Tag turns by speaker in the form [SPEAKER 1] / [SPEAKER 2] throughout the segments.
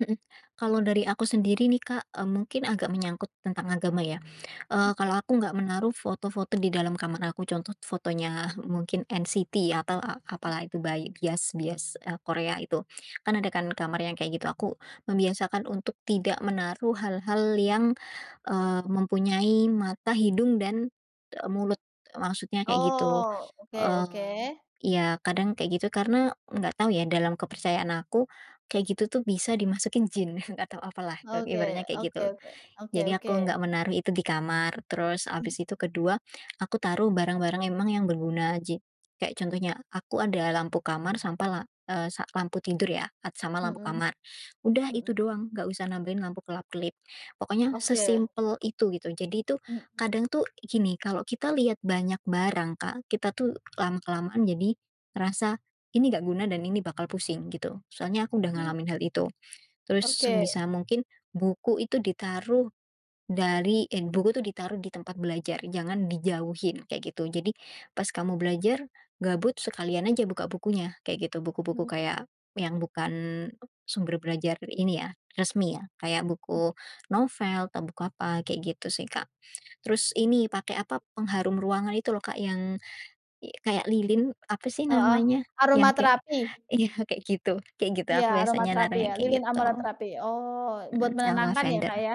[SPEAKER 1] Mhm. Kalau dari aku sendiri, nih, Kak, eee, mungkin agak menyangkut tentang agama, ya. Eee, kalau aku nggak menaruh foto-foto di dalam kamar aku, contoh fotonya mungkin NCT atau a apa, lah, itu, bai bias bias, eee, Korea itu. Kan, ada, kan, kamar yang kayak gitu. Aku membiasakan untuk tidak menaruh hal-hal yang, eee, mempunyai mata, hidung, dan, eee, mulut, maksudnya kayak gitu.
[SPEAKER 2] Oh, oke
[SPEAKER 1] Mmm,
[SPEAKER 2] oke.
[SPEAKER 1] ya, kadang kayak gitu karena nggak tau, ya, dalam kepercayaan aku, kayak gitu, tuh, bisa dimasukin jin, nggak tau apa, lah, ba
[SPEAKER 2] Oke
[SPEAKER 1] ibaratnya kayak
[SPEAKER 2] oke
[SPEAKER 1] gitu.
[SPEAKER 2] oke oke
[SPEAKER 1] Jadi aku
[SPEAKER 2] oke.
[SPEAKER 1] nggak menaruh itu di kamar. Terus, habis
[SPEAKER 2] Mmm.
[SPEAKER 1] itu ke-2 aku taruh barang-barang emang yang berguna aja. Kayak contohnya, aku ada lampu kamar, sampai, la eee, sa lampu tidur, ya, at sama lampu
[SPEAKER 2] Mhm.
[SPEAKER 1] kamar. Udah, itu
[SPEAKER 2] Mhm.
[SPEAKER 1] doang, nggak usah nampilin lampu kelap-kelip. Pokoknya
[SPEAKER 2] Oke.
[SPEAKER 1] sesimpel itu, gitu. Jadi, tuh,
[SPEAKER 2] Mhm.
[SPEAKER 1] kadang, tuh, gini, kalau kita lihat banyak barang, Kak, kita, tuh, lama-kelamaan jadi ngerasa ini nggak guna dan ini bakal pusing, gitu. Soalnya aku udah
[SPEAKER 2] Hmm.
[SPEAKER 1] ngalamin hal itu. Terus
[SPEAKER 2] Oke.
[SPEAKER 1] sebisa mungkin, buku itu ditaruh dari, en buku tuh ditaruh di tempat belajar, jangan dijauhin, kayak gitu. Jadi pas kamu belajar, gabut, sekalian aja buka bukunya, kayak gitu. Buku-buku
[SPEAKER 2] Mhm.
[SPEAKER 1] kayak yang bukan sumber belajar ini, ya, resmi, ya, kayak buku novel atau buku apa, kayak gitu, sih, Kak. Terus ini, pakai apa, pengharum ruangan itu, loh, Kak, yang y kayak lilin, apa, sih,
[SPEAKER 2] Heeh.
[SPEAKER 1] namanya? Yang kayak
[SPEAKER 2] Aromaterapi.
[SPEAKER 1] ya, kayak gitu kayak gitu,
[SPEAKER 2] Iya,
[SPEAKER 1] aku biasanya naruh
[SPEAKER 2] aromaterapi, ya,
[SPEAKER 1] yang kayak
[SPEAKER 2] lilin
[SPEAKER 1] gitu.
[SPEAKER 2] aromaterapi. Oh, buat
[SPEAKER 1] Mhm, yang
[SPEAKER 2] menenangkan, ya,
[SPEAKER 1] lavender.
[SPEAKER 2] Kak, ya.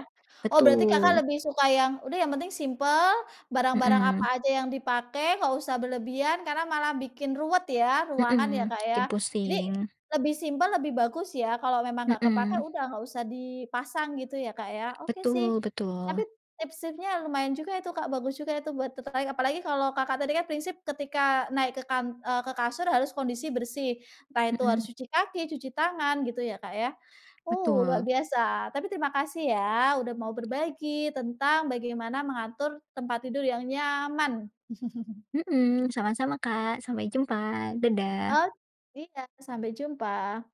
[SPEAKER 2] Oh, berarti Kakak
[SPEAKER 1] Betul.
[SPEAKER 2] lebih suka yang, udah, yang penting simpel, barang-barang apa
[SPEAKER 1] Mhm.
[SPEAKER 2] aja yang dipakai nggak usah berlebihan karena malah bikin ruwet, ya, ruangan, ya,
[SPEAKER 1] Mhm,
[SPEAKER 2] Kak, ya.
[SPEAKER 1] bikin
[SPEAKER 2] Jadi
[SPEAKER 1] pusing.
[SPEAKER 2] lebih simpel lebih bagus, ya, kalau memang nggak kepakai,
[SPEAKER 1] Mhm.
[SPEAKER 2] udah nggak usah dipasang gitu, ya, Kak, ya. Oke, sih.
[SPEAKER 1] Betul
[SPEAKER 2] Tapi
[SPEAKER 1] betul.
[SPEAKER 2] tips-tipsnya lumayan juga itu, Kak, bagus juga itu buat ter tertarik apalagi kalau Kakak tadi, kan, prinsip ketika naik ke kan eee, ke kasur harus kondisi bersih, entah itu harus
[SPEAKER 1] Mhm.
[SPEAKER 2] cuci kaki, cuci tangan, gitu, ya, Kak, ya. Oh, luar
[SPEAKER 1] Betul.
[SPEAKER 2] biasa. Tapi terima kasih, ya, udah mau berbagi tentang bagaimana mengatur tempat tidur yang nyaman.
[SPEAKER 1] Mhm, sama-sama, Kak. Sampai jumpa,
[SPEAKER 2] O
[SPEAKER 1] dadah.
[SPEAKER 2] iya, sampai jumpa.